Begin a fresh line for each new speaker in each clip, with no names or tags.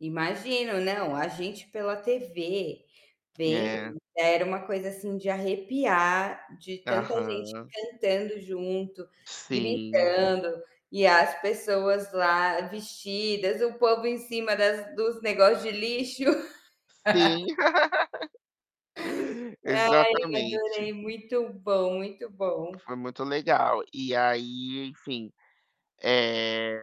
Imagino. Não, a gente pela tv, vendo,
É.
era uma coisa assim de arrepiar, de tanta gente
Aham.
cantando junto,
Sim.
gritando, e as pessoas lá vestidas, o povo em cima das dos negócio de lixo.
Sim.
Ai, adorei.
Exatamente.
Muito bom, muito bom.
Foi muito legal. E aí, enfim, eh,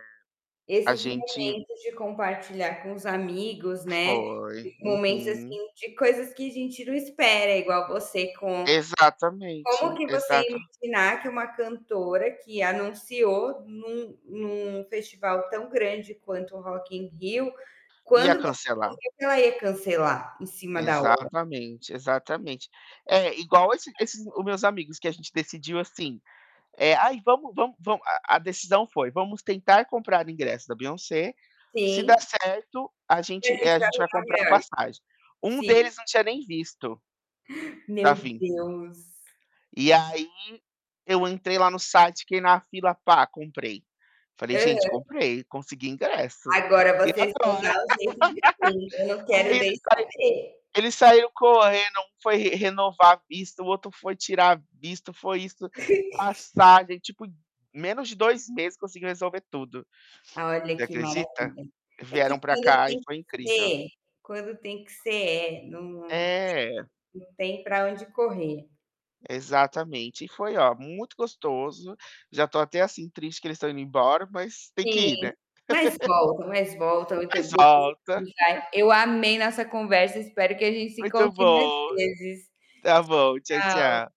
a
Esses
gente
momentos de compartilhar com os amigos, né,
Foi.
momentos,
Uhum.
assim, de coisas que a gente não espera igual você com como
Exatamente.
que você ia me
Exato.
ensinar que uma cantora que anunciou num num festival tão grande quanto o Rock in Rio,
Ia
quando você
cancelar.
[unintelligible] que ela ia cancelar em cima da hora?
Exatamente, exatamente. É, igual esse esses o meus amigos. Que a gente decidiu, assim, eh: "Aí, vamos vamos vamos" A decisão foi: "Vamos tentar comprar ingresso da Beyoncé, se der
Sim.
certo a
E a
gente, eh,
gente
a gente
[unintelligible]
vai
nove
comprar
reais.
passagem". Um
Sim.
deles não tinha nem visto, para
Meu
vim.
Deus!
E aí, eu entrei lá no site, fiquei na fila, pá, comprei. Falei: "Gente,
Aham.
comprei, consegui ingresso.
Agora,
E
vocês
agora?".
vão dar o jeito de vim. Eu não quero
Aí
nem
eles tai
saber.
eles saíram correndo, foi um re renovar visto, o outro foi tirar a visto, foi isso, passagem. Tipo, menos de 2 meses conseguiu resolver tudo.
Olha
Você
que
acredita?
maravilha. É que
Vieram para
quando
cá e
tem que
foi incrível.
ser quando tem que ser é, não não
É.
tem não tem para onde correr.
Exatamente. E foi, ó, muito gostoso. Já estou até, assim, triste que eles estão indo embora, mas têm que
Sim.
ir, né.
Mas volta, mas volta. O [unintelligible]
Mas volta.
vai. Eu amei nossa conversa. Espero que a gente se
Muito
encontre mais
bom.
vezes.
Tá bom, tchau,
Tchau.
tchau.